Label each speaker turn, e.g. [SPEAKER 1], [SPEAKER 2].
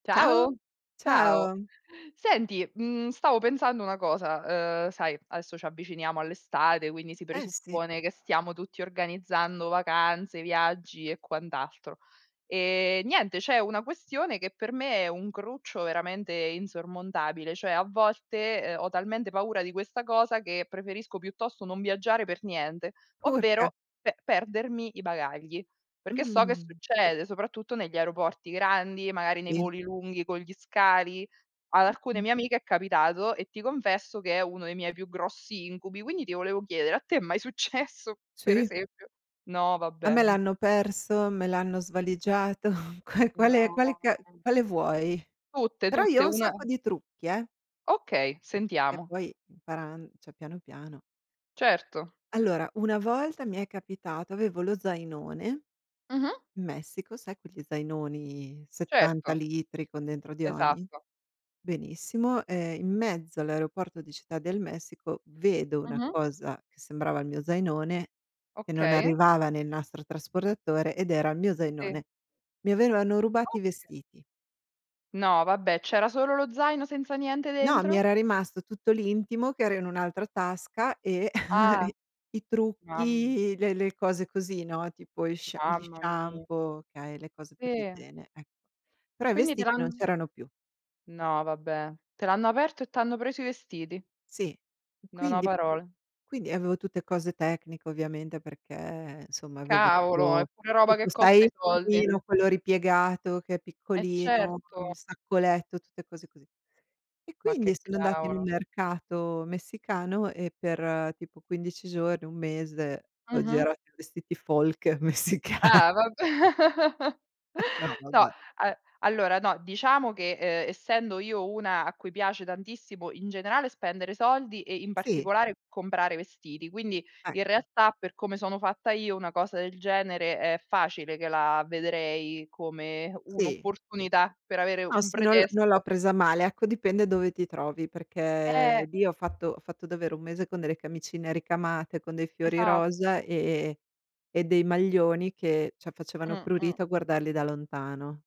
[SPEAKER 1] Ciao,
[SPEAKER 2] Ciao, ciao.
[SPEAKER 1] ciao.
[SPEAKER 2] Senti, mhmm, stavo pensando una cosa. Uhm, sai, adesso ci avviciniamo all'estate, quindi si
[SPEAKER 1] Eh, sì.
[SPEAKER 2] presuppone che stiamo tutti organizzando vacanze, viaggi e quant'alto. Ehm, niente, c'è una questione che per me è un cruccio veramente insormontabile, cioè a volte, uhm, ho talmente paura di questa cosa che preferisco piuttosto non viaggiare per niente,
[SPEAKER 1] Urca!
[SPEAKER 2] ovvero pe perdermi i bagagli.
[SPEAKER 1] Mh.
[SPEAKER 2] Perché o
[SPEAKER 1] Mh.
[SPEAKER 2] che
[SPEAKER 1] Mh.
[SPEAKER 2] succede, soprattutto negli aeroporti grandi, magari nei
[SPEAKER 1] Sì.
[SPEAKER 2] voli lunghi con gli scali. Ad alcune
[SPEAKER 1] Mh-mh.
[SPEAKER 2] mie amiche è capitato e ti confesso che è uno dei miei più grossi incubi, quindi ti volevo chiedere: a te è mai successo, per
[SPEAKER 1] Sì.
[SPEAKER 2] esempio? No,
[SPEAKER 1] A me
[SPEAKER 2] vabbè.
[SPEAKER 1] l'hanno perso, me l'hanno svaligiato. Qua quale
[SPEAKER 2] No.
[SPEAKER 1] ca quale vuoi?
[SPEAKER 2] Tutte,
[SPEAKER 1] Però, io
[SPEAKER 2] tutte.
[SPEAKER 1] ho un
[SPEAKER 2] Una
[SPEAKER 1] sacco di trucchi, eh.
[SPEAKER 2] Okay,
[SPEAKER 1] Che
[SPEAKER 2] sentiamo.
[SPEAKER 1] poi, imparan cioè, piano, piano.
[SPEAKER 2] Certo.
[SPEAKER 1] Allora, una volta mi è capitato, avevo lo zainone
[SPEAKER 2] Mh-mh.
[SPEAKER 1] in Messico, sai quegli zainoni, 70
[SPEAKER 2] Certo.
[SPEAKER 1] litri con dentro di ogni?
[SPEAKER 2] Esatto.
[SPEAKER 1] Benissimo, ehm, in mezzo all'aeroporto di Città del Messico vedo una
[SPEAKER 2] Mh-mh.
[SPEAKER 1] cosa sembrava il mio zainone, che non
[SPEAKER 2] Okay.
[SPEAKER 1] arrivava nel nastro trasportatore, ed era il mio
[SPEAKER 2] Sì.
[SPEAKER 1] zainone. Mi avevano rubato i
[SPEAKER 2] Oka
[SPEAKER 1] vestiti.
[SPEAKER 2] No vabbè, c'era solo lo zaino senza niente
[SPEAKER 1] No, mi
[SPEAKER 2] dentro?
[SPEAKER 1] era rimasto tutto l'intimo che era in un'altra tasca e
[SPEAKER 2] Ah.
[SPEAKER 1] i i
[SPEAKER 2] Mamm
[SPEAKER 1] trucchi, le le cose così, no, tipo gli sh gli
[SPEAKER 2] Mamma mia!
[SPEAKER 1] shampoo, okay, le cose per
[SPEAKER 2] Sì.
[SPEAKER 1] l'igiene, ecc Però i
[SPEAKER 2] Quindi te
[SPEAKER 1] vestiti non
[SPEAKER 2] l'hanno
[SPEAKER 1] c'erano più.
[SPEAKER 2] no vabbè. Te l'hanno aperto e t'hanno preso i vestiti.
[SPEAKER 1] Sì,
[SPEAKER 2] Non ho
[SPEAKER 1] quindi
[SPEAKER 2] parole.
[SPEAKER 1] quindi, avevo tutte cose tecniche ovviamente perché, insomma, avevo
[SPEAKER 2] Cavolo! È
[SPEAKER 1] tipo
[SPEAKER 2] pure roba
[SPEAKER 1] tipo
[SPEAKER 2] che
[SPEAKER 1] sai,
[SPEAKER 2] costa
[SPEAKER 1] il
[SPEAKER 2] i soldi.
[SPEAKER 1] piumino, quello ripiegato, che è
[SPEAKER 2] Eh,
[SPEAKER 1] piccolino, con
[SPEAKER 2] certo.
[SPEAKER 1] il sacco letto, tutte cose così. E
[SPEAKER 2] Ma
[SPEAKER 1] quindi
[SPEAKER 2] che
[SPEAKER 1] sono andata in un
[SPEAKER 2] cavolo!
[SPEAKER 1] mercato messicano, e per tipo 15 giorni, 1 mese, ho
[SPEAKER 2] Mh-mh.
[SPEAKER 1] girato in vestiti folk messica
[SPEAKER 2] Ah, vabbè.
[SPEAKER 1] No,
[SPEAKER 2] No,
[SPEAKER 1] vabbè.
[SPEAKER 2] a allora no, diciamo che, uhm, essendo io una a cui piace tantissimo in generale spendere soldi e in
[SPEAKER 1] Sì.
[SPEAKER 2] particolare comprare vestiti. Quindi, in
[SPEAKER 1] Ecco.
[SPEAKER 2] realtà, per come sono fatta io, una cosa del genere è facile che la vedrei come
[SPEAKER 1] Sì.
[SPEAKER 2] un'opportunità per avere
[SPEAKER 1] No,
[SPEAKER 2] un
[SPEAKER 1] sì, non non l'ho
[SPEAKER 2] pretesto.
[SPEAKER 1] presa male. Ecco, dipende dove ti trovi,
[SPEAKER 2] Eh!
[SPEAKER 1] perché lì ho fatto ho fatto davvero 1 mese con delle camicine ricamate, con dei fiori
[SPEAKER 2] Esatto.
[SPEAKER 1] rosa, e e dei maglioni che, cioè, facevano
[SPEAKER 2] Mh. Mh.
[SPEAKER 1] prurito a guardarli da lontano.